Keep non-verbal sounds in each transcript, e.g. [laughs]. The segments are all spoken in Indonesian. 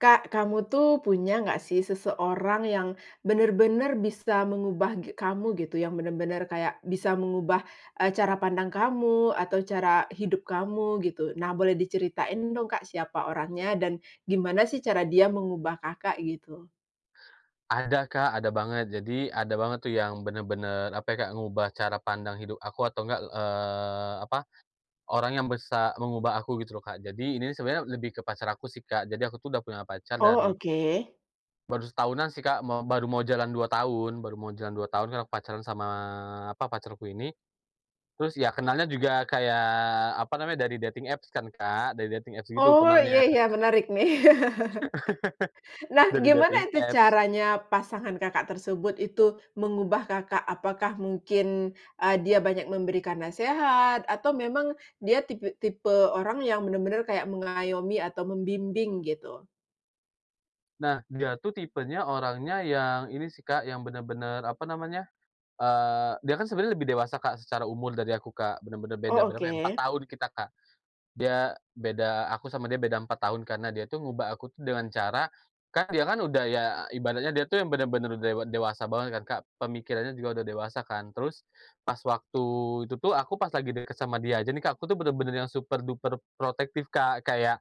Kak, kamu tuh punya nggak sih seseorang yang benar-benar bisa mengubah ge kamu, gitu, yang benar-benar kayak bisa mengubah, eee, cara pandang kamu, atau cara hidup kamu, gitu? Nah, boleh diceritain dong, Kak, siapa orangnya dan gimana sih cara dia mengubah Kakak? Gitu. Ada, Kak. Ada banget. Jadi, ada banget tuh yang benar-benar, apa ya, Kak? Ngubah cara pandang hidup aku atau enggak el eee, apa, orang yang bisa mengubah aku gitu loh, Kak. Jadi ini nih sebenarnya lebih ke pacar aku sih, Kak. Jadi aku tuh udah punya pacar Oh, dari oke. baru setahunan sih Kak, mo baru mo jalan 2 tahun baru mo jalan 2 tahun kan pacaran sama, apa, pacarku ini. Terus ya, kenalnya juga kayak, apa namanya, dari dating apps kan, Kak. Dari dating apps gitu Oh, iya kenalnya. iya, menarik nih. [chuckles] [laughs] Nah, Dari gimana dating itu apps. caranya pasangan Kakak tersebut itu, mengubah Kakak? Apakah mungkin, eee, dia banyak memberikan nasehat atau memang dia tipi tipe orang yang benar-benar kayak mengayomi atau membimbing gitu? Nah, dia tuh tipenya orangnya yang ini sih, Kak, yang benar-benar, apa namanya, eee, dia kan sebenarnya lebih dewasa, Kak, secara umur dari aku, Kak. Benar-benar beda Oh, berapa ya? 4 oke. tahun kita, Kak. Dia, beda aku sama dia beda 4 tahun karena dia itu ngubah aku tuh dengan cara, kan dia kan udah ya ibaratnya dia tuh yang benar-benar dewa dewasa banget kan, Kak. Pemikirannya juga udah dewasa, kan. Terus, pas waktu itu tuh aku pas lagi dekat sama dia aja nih, Kak, aku tuh benar-benar yang super duper protektif, Kak, kayak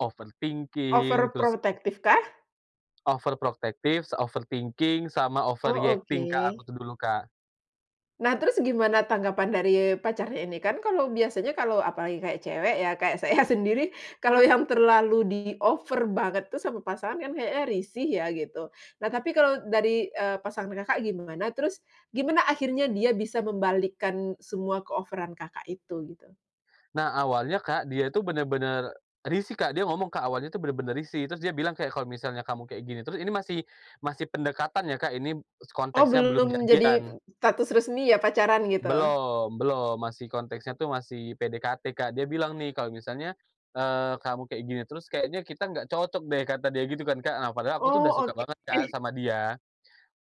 overthinking, terus Overprotektifkah? overprotektif, overthinking, sama Oh, overreacting, Kak, aku oke. tuh dulu, Kak. Nah, terus gimana tanggapan dari pacarnya ini? Kan kalau biasanya kalau apalagi kayak cewek ya, kayak saya [chuckles] sendiri, kalau yang [chuckles] terlalu diover banget tuh sama pasangan kan kayaknya risih ya, gitu. Nah, tapi kalau dari, eee, pasangan Kakak gimana? Terus, gimana akhirnya dia bisa membalikkan semua keoveran Kakak itu, gitu? Nah, awalnya Kak, dia itu benar-benar risih, Kak. Dia ngomong, Kak, "Awalnya tuh benar-benar risih," terus dia bilang kayak, "kalau misalnya kamu kayak gini terus" ini masih masih pendekatan ya, Kak, ini s Oh, konteksnya belum belum jadi p jadian. status resmi ya? Pacaran, gitu? Belom, belom. Masih konteksnya tuh masih PDKT, Kak. Dia bilang nih, "Kalau misalnya, eee, kamu kaya gini terus kayaknya kita nggak cocok deh." Kata dia gitu kan, Kak. Nah, padahal aku tuh dah Oh, suka oke. banget, Kak, [chuckles] sama dia.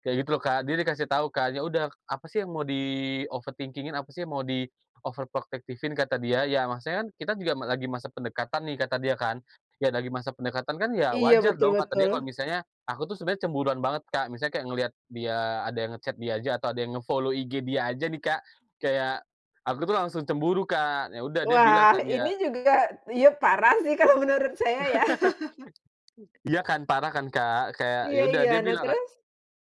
Kayak gitu loh, Kak. Dia dikasih tau kan, "Ya udah, apa sih yang mau di-overthinking-in? Apa sih yang mau di-overprotective-in?" Kata dia. "Ya, maksudnya kan, kita juga ma lagi masa pendekatan, nih," kata dia kan, "ya, lagi masa pendekatan kan ya Iya, wajar betul dong." Kata dia, kalau betul. misalnya aku tuh sebenarnya cemburuan banget, Kak. Misalnya kayak ngeliat dia ada yang nge-chat dia aja atau ada yang nge-follow IG dia aja nih, Kak, kayak aku tuh langsung cemburu, Kak. Ya udah, dia bilang Wah kan ya ini juga, ya parah sih kalau menurut saya ya. [laughs] [laughs] Ya kan? Parah kan, Kak? Kayak, ya Iya udah iya. dia Nah, bilang, eee, terus?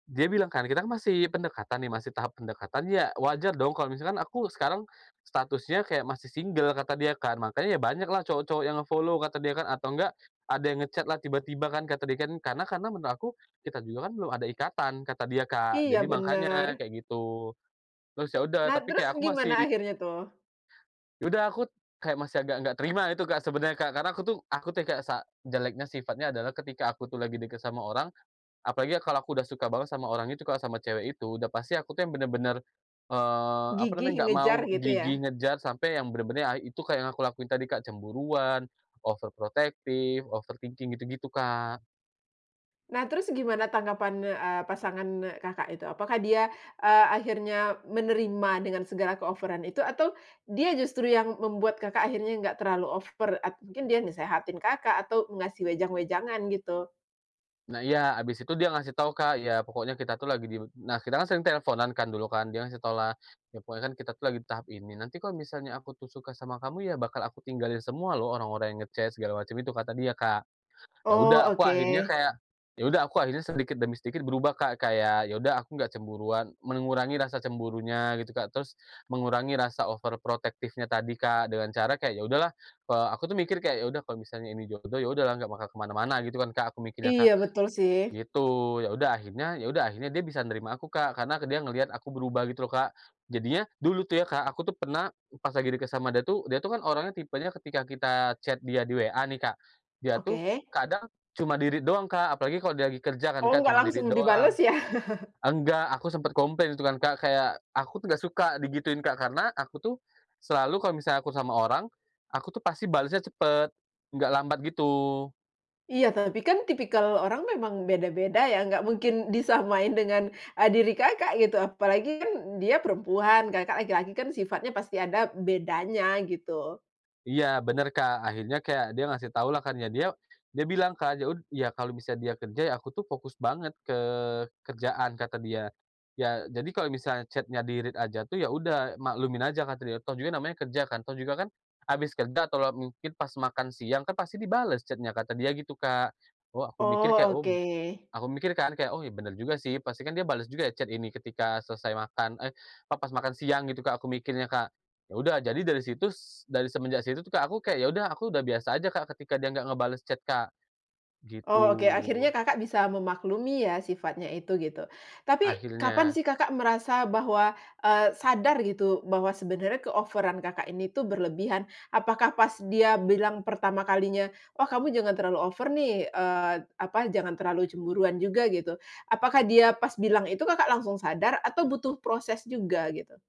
dia bilang kan, "Kita kan masih pendekatan nih, masih tahap pendekatan, ya wajar dong kalau misalkan aku sekarang statusnya kayak masih singgel," kata dia kan, "mangkanya ya banyaklah cowok-cowok yang nge-follow," kata dia, Kak, "atau nggak, ada yang nge-chat-lah tiba-tiba kan," kata dia kan. "Karena karena menurut aku, kita juga kan belum ada ikatan." Kata dia, Kak, Iya, jadi mangkanya benar. kayak gitu. Terus ya udah, Nah, tapi terus kayak aku gimana masih akhirnya tuh? ya udah aku kayak masih agak nggak terima itu, Kak, sebenarnya, Kak. Karena aku tuh aku tuh ya, Kak, sa jeleknya sifatnya adalah ketika aku tuh lagi deket sama orang, apalagi ya kalau aku udah suka banget sama orang itu, Kak, sama cewek itu, udah pasti aku tuh yang benar-benar, eee, apa Gigih, namanya, nggak ngejar mau gitu gigih, ya. ngejar sampai yang benar-benar ae itu kayak yang aku lakuin tadi, Kak, cemburuan, overprotective, overthinking, gitu-gitu, Kak. Nah, terus gimana tanggapan, eee, pasangan, eee, Kakak itu? Apakah dia, eee, akhirnya menerima dengan segala keoveran itu atau dia justru yang membuat Kakak akhirnya enggak terlalu over, at mungkin dia nasehatin Kakak atau ngasih wejang-wejangan, gitu? Nah, iya. Habis itu dia ngasih tau Kak, "Ya pokoknya kita tuh lagi dil" nah, kita kan sering telfonan kan dulu kan, dia ngasih tahu lah, "Ya pokoknya kan kita tuh lagi tahap ini. Nanti kalo misalnya aku tuh suka sama kamu, ya bakal aku tinggalin semua loh orang-orang yang nge-chat, segala macam itu." Kata dia, Kak. Ya Oh, udah aku akhirnya oke. kayak ya udah aku akhirnya sedikit demi sedikit berubah, Kak, kayak ya udah aku nggak cemburuan, mengurangi rasa cemburunya gitu, Kak. Terus mengurangi rasa overprotective-nya tadi, Kak, dengan cara kayak, ya udahlah, eee, aku tuh mikir kayak, "Ya udah, kalau misalnya ini jodoh ya udahlah nggak bakal ke mana-mana." Gitu kan, Kak, aku mikirnya, Kak. Iya, betul sih. Gitu, ya udah akhirnya ya udah akhirnya dia bisa nerima aku, Kak. Karena ke dia ngeliat aku berubah gitu loh, Kak. Jadinya, dulu tuh ya, Kak, aku tuh pernah pas lagi deket sama dia tuh, dia tuh kan orangnya tipenya ketika kita chat dia di WA nih, Kak, dia tuh Oke. kadang cuma di-read doang, Kak. Apalagi kalau dia lagi kerja kan, Oh, Kak, nggak cuma di-read langsung doang. dibales ya? [chuckles] Enggak aku sempet komplain gitu kan, Kak, kayak aku tuh nggak suka digituin, Kak. Karena aku tuh selalu kalo misalnya aku sama orang, aku tuh pasti balesnya cepet, nggak lambat gitu. Iya, tapi kan tipikal orang memang beda-beda ya, nggak mungkin disamain dengan, eee, diri Kakak, gitu. Apalagi kan dia perempuan, Kakak laki-laki kan sifatnya pasti ada bedanya gitu. Iya benar, Kak. Akhirnya kayak dia ngasih tau lah kan, ya dia dia bilang kan ya ud ya kalau misalnya dia kerja, "Ya aku tuh fokus banget ke kerjaan," kata dia, "ya, jadi kalau misalnya chat-nya di-read aja tuh ya udah maklumin aja," kata dia, "toh juga namanya kerja kan. Toh juga kan abis kerja atau lewat mungkin, pas makan siang kan pasti dibales chat-nya." Kata dia gitu, Kak. Oh aku mikir Oh, kayak, oh b oke. aku mikir kan kayak, "Oh, ya benar juga sih. Pasti kan dia bales juga ya chat ini ketika selesai makan eh, pa pas makan siang." Gitu, Kak, aku mikirnya, Kak. Ya udah, jadi dari situs dari semenjak situ tuh, Kak, aku kayak ya udah aku udah biasa aja, Kak, ketika dia nggak ngebales chat, Kak. Gitu. Oh, oke. Akhirnya Kakak bisa memaklumi ya sifatnya itu, gitu. Tapi, kapan Akhirnya. sih Kakak merasa bahwa, eee, sadar gitu, bahwa sebenarnya keoveran Kakak ini tuh berlebihan? Apakah pas dia bilang pertama kalinya, "Wah, kamu jangan terlalu over nih," eee, apa, "jangan terlalu cemburuan juga." Gitu. Apakah dia pas bilang itu Kakak langsung sadar atau butuh proses juga gitu?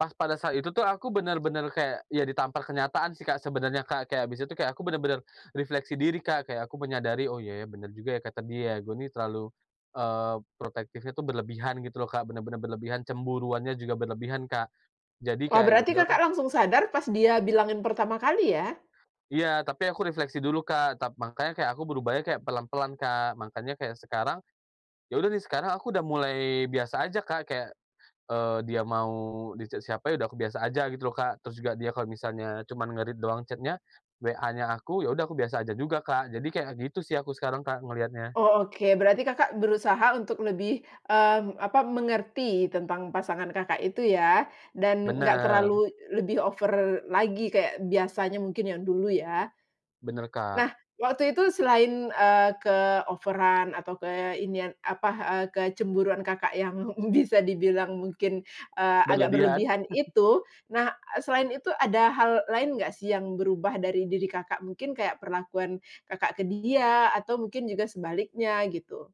Pas pada saat itu tuh aku benar-benar kayak, ya ditampar kenyataan sih, Kak, sebenarnya, Kak. Kayak abis itu kayak aku benar-benar refleksi diri, Kak. Kayak aku menyadari, "Oh iya ya, benar juga ya kata dia, gua ini terlalu, eee, protektifnya tuh berlebihan." Gitu loh, Kak. Benar-benar berlebihan, cemburuannya juga berlebihan, Kak. Jadi Wah, kayak, ya berarti udahlah Kakak langsung sadar pas dia bilangin pertama kali ya? Iya, tapi aku refleksi dulu, Kak. Tap mangkanya kayak aku berubahnya kayak pelan-pelan, Kak. Mangkanya kayak sekarang, ya udah nih, sekarang aku udah mulai biasa aja, Kak, kayak, eee, dia mau di-chat siapa, ya udah aku biasa aja gitu loh, Kak. Terus juga dia kalau misalnya cuman nge-read doang chat-nya, WA-nya aku, ya udah aku biasa aja juga, Kak. Jadi kayak gitu sih aku sekarang, Kak, ngeliatnya. Oh, oke. Berarti Kakak berusaha untuk lebih, mmm, apa, mengerti tentang pasangan Kakak itu ya. Dan nggak Benar. terlalu lebih over lagi kayak biasanya mungkin yang dulu ya. Benar, Kak. Nah waktu itu selain, eee, keoveran atau ke inian, apa, eee, kecemburuan Kakak yang [chuckles] bisa dibilang mungkin, eee, agak Berlebihan? berlebihan [chuckles] itu, nah, e selain itu ada hal lain nggak sih yang berubah dari diri Kakak? Mungkin kayak perlakuan Kakak ke dia, atau mungkin juga sebaliknya, gitu?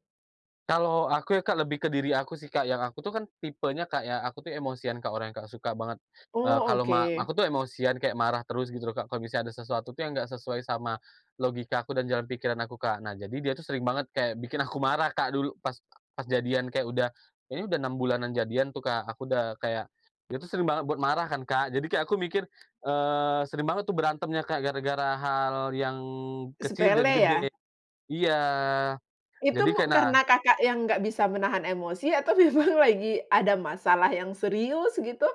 Kalau aku, ya Kak, lebih ke diri aku sih, Kak. Yang aku tuh kan, tipenya Kak ya, aku tuh emosian Kak, orangnya Kak, suka banget, eee, Oh, kalo ma oke. aku tuh emosian, kayak marah terus gitu loh Kak, kalau misalnya ada sesuatu tuh yang enggak sesuai sama logikaku dan jalan pikiran aku, Kak. Nah, jadi dia tuh sering banget kayak bikin aku marah, Kak, dulu pas pas jadian, kayak udah, kayaknya udah 6 bulanan jadian tuh, Kak. Aku dah kayak dia itu sering banget buat marah kan, Kak. Jadi, kayak aku mikir, eee, sering banget tuh berantemnya Kak, gara-gara hal yang kecil jadi Sepele, ya. gede. Iya, Itu jadi mu kayak nah karena Kakak yang nggak bisa menahan emosi, atau memang lagi ada masalah yang serius, gitu?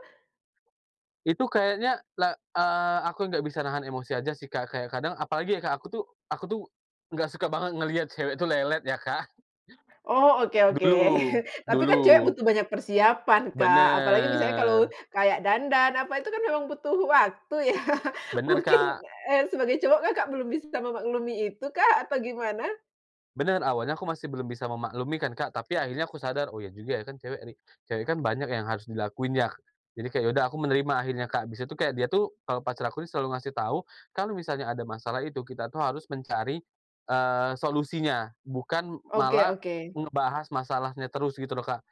Itu kayaknya la eee, aku yang nggak bisa nahan emosi aja sih, Kak. Kayak kadang apalagi ya Kak, aku tuh aku tuh nggak suka banget ngeliat cewek tuh lelet ya, Kak. Oh, oke oke. [chuckles] Dulu, [chuckles] Tapi kan cewek dulu. butuh banyak persiapan, Kak. Apalagi misalnya kalau Benar. kayak dandan, apa itu kan memang butuh waktu ya? Benar, Mungkin, Kak. eee, sebagai cowok Kakak, belum bisa memaklumi itukah, apa gimana? Benar, awalnya aku masih belum bisa memaklumi kan, Kak. Tapi akhirnya aku sadar, "Oh, iya juga ya, kan, cewek ri cewek kan banyak yang harus dilakuin, yak." Jadi, kayak ya udah aku menerima akhirnya, Kak. Bis itu kayak dia tuh, eee, pacar aku tuh selalu ngasih tahu, "Kalau misalnya ada masalah itu kita tuh harus mencari, eee, solusinya, bukan Oke malah oke. ngebahas masalahnya terus." Gitu loh, Kak.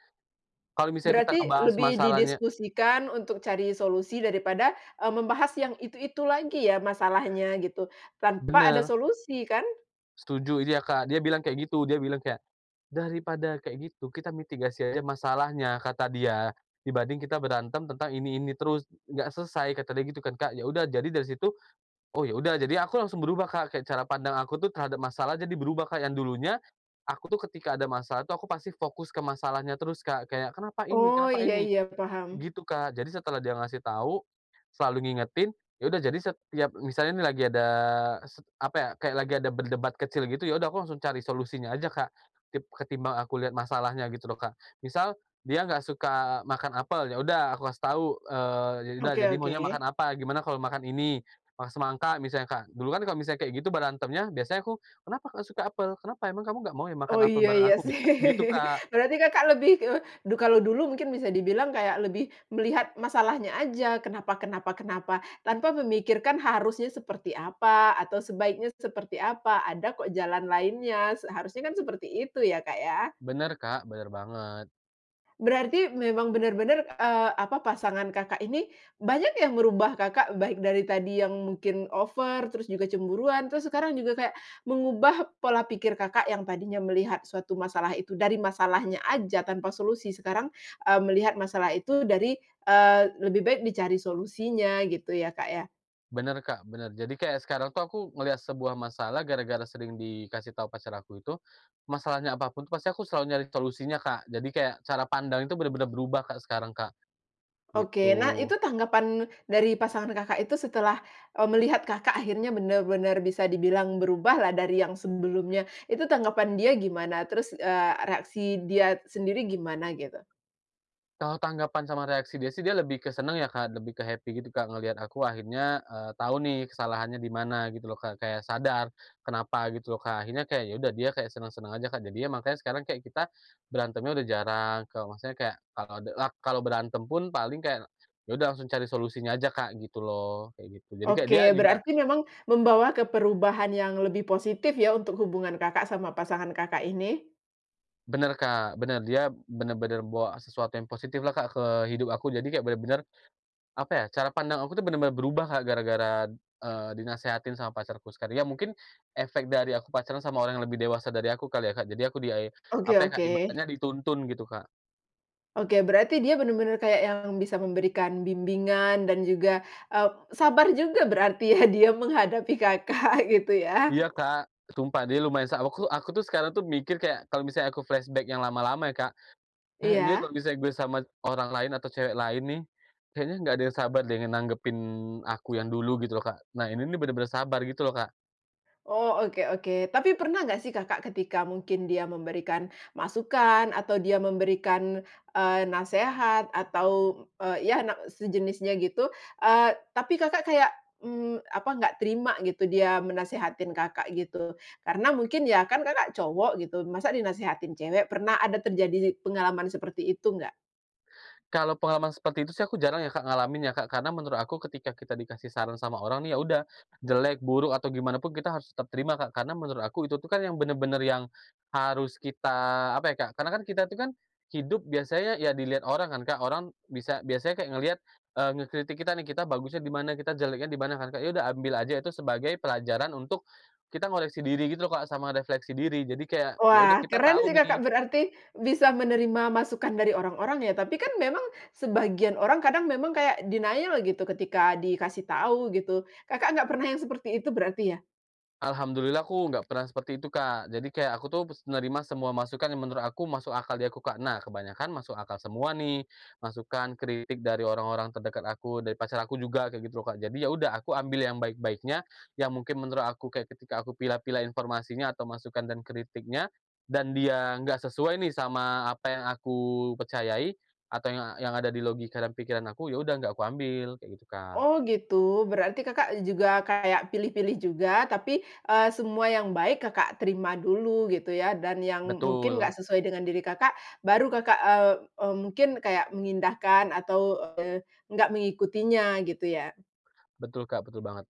Kalau misalnya kita Berarti ngebahas lebih masalahnya didiskusikan untuk cari solusi daripada, eee, membahas yang itu-itu lagi ya, masalahnya, gitu, tanpa ada Benar. solusi, kan? Setuju, dia, Kak. Dia bilang kayak gitu. Dia bilang kayak, "Daripada kayak gitu, kita mitigasi aja masalahnya,” kata dia, "dibanding kita berantem tentang ini-ini terus, nggak selesai." Kata dia gitu kan, Kak. Ya sudah, jadi dari situ, oh, ya udah. Jadi, aku langsung berubah, Kak. Kayak cara pandang aku tuh terhadap masalah jadi berubah, Kak. Yang dulunya, aku tuh ketika ada masalah tuh aku pasti fokus ke masalahnya terus, Kak, kayak, "Kenapa ini? Oh, Kenapa iya ini?" iya paham. Gitu, Kak. Jadi setelah dia ngasih tahu, selalu ngingetin, ya udah jadi setiap misalnya nih lagi ada, sep apa ya, kayak lagi ada berdebat kecil gitu, ya udah aku langsung cari solusinya aja, Kak. Tip ketimbang aku lihat masalahnya gitu loh, Kak. Misal, dia nggak suka makan apel, ya udah aku kasih tahu, eee, “Ya udah, Oke jadi maunya makan oke. apa, gimana kalau makan ini, mah semangka misalnya?” Kak. Dulu kan kalau misalnya kayak gitu berantemnya, biasanya aku, “Kenapa kok suka apel? Kenapa? Emang kamu nggak mau ya makan Oh apel iya bareng iya aku?” sih Gitu, Kak. Berarti Kakak lebih, eee, du kalau dulu mungkin bisa dibilang kayak lebih melihat masalahnya aja, kenapa kenapa kenapa tanpa memikirkan harusnya seperti apa, atau sebaiknya seperti apa, ada kok jalan lainnya, seharusnya kan seperti itu ya, Kak ya? Benar, Kak. Benar banget. Berarti, memang benar-benar, eee, apa, pasangan Kakak ini banyak yang merubah Kakak, baik dari tadi yang mungkin over, terus juga cemburuan, terus sekarang juga kayak mengubah pola pikir Kakak yang tadinya melihat suatu masalah itu dari masalahnya aja tanpa solusi, sekarang, eee, melihat masalah itu dari, eee, lebih baik dicari solusinya, gitu ya Kak ya? Benar, Kak, benar. Jadi, kayak sekarang tuh aku ngelihat sebuah masalah, gara-gara sering dikasih tahu pacar aku itu, masalahnya apa pun tuh pasti aku selalu nyari solusinya, Kak. Jadi, kayak cara pandang itu benar-benar berubah Kak, sekarang Kak. Oke. Nah, Gitu. itu tanggapan dari pasangan Kakak itu setelah, eee, melihat Kakak akhirnya benar-benar bisa dibilang berubahlah dari yang sebelumnya. Itu tanggapan dia gimana? Terus, eee, reaksi dia sendiri gimana, gitu? Kalau tanggapan sama reaksi dia sih, dia lebih ke senang, ya, Kak, lebih ke happy gitu, Kak, ngelihat aku akhirnya, eee, tahu nih kesalahannya di mana, gitu loh, Kak. Kayak sadar kenapa, gitu loh, Kak. Akhirnya kayak, ya udah dia kayak senang-senang aja, Kak. Jadinya, makanya sekarang kayak kita berantemnya udah jarang. Kalo maksudnya kayak, kalau de lak kalau berantem pun, paling kayak, ya udah langsung cari solusinya aja, Kak, gitu loh. Kayak gitu. Jadi kayak dia Oke, juga berarti memang membawa ke perubahan yang lebih positif ya, untuk hubungan Kakak sama pasangan Kakak ini. Benar, Kak, benar. Dia benar-benar bawa sesuatu yang positif lah, Kak, ke hidup aku. Jadi, kayak benar-benar, apa ya, cara pandang aku tuh benar-benar berubah Kak gara-gara. eee, dinasehatin sama pacarku sekar ya mungkin, efek dari aku pacaran sama orang yang lebih dewasa dari aku kali ya, Kak. Jadi, aku di ai Oke apa ya Kak, oke. ibaratnya dituntun gitu, Kak. Oke, berarti dia benar-benar kayak yang bisa memberikan bimbingan dan juga, eee, sabar juga berarti ya, dia menghadapi Kakak, gitu ya. Iya, Kak, sumpah. Dia, lumayan sa aku aku tuh, sekarang tuh mikir kayak, kalau misalnya aku flashback yang lama-lama ya Kak, "Eh, ini Iya. kalo misalnya gua sama orang lain, atau cewek lain nih, kayaknya enggak ada yang sabar deh, nanggepin aku yang dulu." Gitu loh, Kak. Nah, ini nih benar-benar sabar, gitu loh, Kak. Oh, oke oke. Tapi pernah nggak sih Kakak ketika mungkin dia memberikan masukan, atau dia memberikan, eee, nasehat atau, eee, ya, nak sejenisnya gitu, eee, tapi Kakak kayak, mmm, apa, nggak terima gitu dia menasehatin Kakak, gitu. Karena mungkin ya kan Kakak cowok gitu, masa dinasehatin cewek? Pernah ada terjadi pengalaman seperti itu nggak? Kalau pengalaman seperti itu sih, aku jarang ya Kak, ngalamin, ya Kak. Karena menurut aku, ketika kita dikasih saran sama orang nih, ya udah, jelek, buruk, atau gimana pun, kita harus tetap terima, Kak. Karena menurut aku, itu tuh kan yang benar-benar yang harus kita, apa ya Kak, karena kan kita tuh kan hidup biasanya ya, dilihat orang kan, Kak. Orang bisa biasanya kayak ngelihat, eee, ngekritik kita nih, kita bagusnya di mana, kita jeleknya di mana kan, Kak. Ya udah, ambil aja itu sebagai pelajaran untuk kita ngoreksi diri gitu loh, Kak, sama refleksi diri. Jadi kayak, ya udah Wah, kita keren sih tahu nih. Kakak, berarti bisa menerima masukan dari orang-orang ya. Tapi kan memang sebagian orang kadang memang kayak denial gitu ketika dikasih tahu gitu. Kakak nggak pernah yang seperti itu berarti ya? Alhamdulillah, aku nggak pernah seperti itu, Kak. Jadi, kayak, aku tuh menerima semua masukan yang menurut aku masuk akal di aku, Kak. Nah, kebanyakan masuk akal semua nih, masukan, kritik dari orang-orang terdekat aku, dari pacar aku juga, kayak gitu loh, Kak. Jadi, ya udah, aku ambil yang baik-baiknya, yang mungkin menurut aku kayak ketika aku pilah-pilah informasinya atau masukan dan kritiknya, dan dia nggak sesuai nih sama apa yang aku percayai, atau yang yang ada di logika dan pikiran aku, ya udah, nggak aku ambil, kayak gitu, Kak. Oh gitu, berarti Kakak juga kayak pilih-pilih juga, tapi, eee, semua yang baik Kakak terima dulu gitu ya, dan yang mungkin nggak Betul. sesuai dengan diri Kakak, baru Kakak, eee, m mungkin kayak mengindahkan atau, eee, nggak mengikutinya, gitu ya. Betul Kak, betul banget.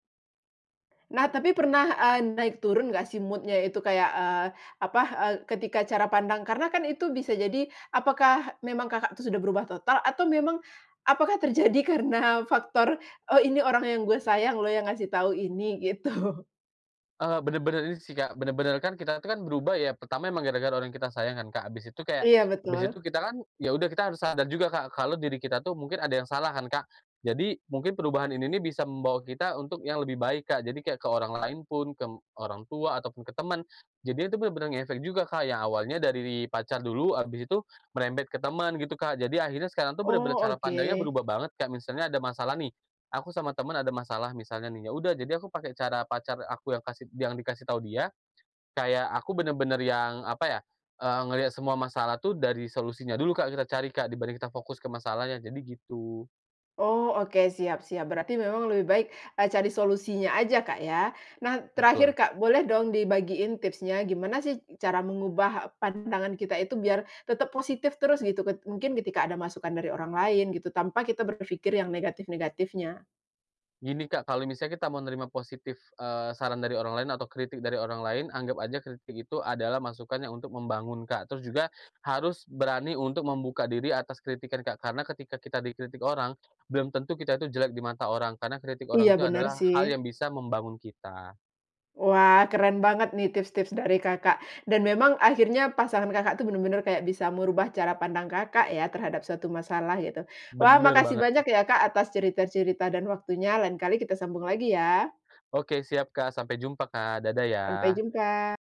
Nah, tapi pernah, eee, naik turun nggak sih mood-nya itu, kayak, eee, apa, eee, ketika cara pandang karena kan itu bisa jadi apakah memang Kakak tuh sudah berubah total atau memang apakah terjadi karena faktor, "Oh, ini orang yang gue sayang lo yang ngasih tahu ini." Gitu. Eee, benar-benar ini sih, Kak, benar-benar kan kita tuh kan berubah, ya. Pertama, emang gara-gara orang yang kita sayang kan, Kak? Habis itu kayak, Iya, habis betul. itu, kita kan, ya udah, kita harus sadar juga Kak, kalau diri kita tuh mungkin ada yang salah kan, Kak. Jadi, mungkin perubahan ini nih bisa membawa kita untuk yang lebih baik, Kak. Jadi kayak ke orang lain pun, ke orang tua ataupun ke teman. Jadinya itu benar-benar ngefek juga, Kak. Yang awalnya dari pacar dulu, habis itu merembet ke teman, gitu Kak. Jadi, akhirnya sekarang tuh benar-benar Oh, cara pandangnya oke. berubah banget, Kak. Misalnya ada masalah nih, aku sama teman ada masalah misalnya nih, ya udah, jadi, aku pakai cara pacar aku yang kasih yang dikasih tahu dia, kayak aku benar-benar yang, apa ya, eee, ngelihat semua masalah tuh dari solusinya dulu Kak, kita cari Kak, dibanding kita fokus ke masalahnya. Jadi, gitu. Oh, oke siap siap. Berarti memang lebih baik, eee, cari solusinya aja, Kak ya. Nah, terakhir Betul. Kak, boleh dong dibagiin tipsnya, gimana sih, cara mengubah pandangan kita itu biar tetap positif terus gitu ket mungkin ketika ada masukan dari orang lain gitu tanpa kita berpikir yang negatif-negatifnya? Gini, Kak. Kalau misalnya kita mau nerima positif, eee, saran dari orang lain atau kritik dari orang lain, anggap aja kritik itu adalah masukan yang untuk membangun, Kak. Terus juga harus berani untuk membuka diri atas kritikan, Kak. Karena ketika kita dikritik orang, belum tentu kita itu jelek di mata orang, karena kritik Iya, orang itu benar adalah hal yang sih. bisa membangun kita. Wah, keren banget nih tips-tips dari Kakak, dan memang akhirnya, pasangan Kakak tuh benar-benar kayak bisa merubah cara pandang Kakak ya, terhadap suatu masalah, gitu. Wah, Benar makasih banget. banyak ya Kak atas cerita-cerita dan waktunya, lain kali kita sambung lagi ya. Oke, siap Kak. Sampai jumpa, Kak. Dadah Sampai ya. jumpa.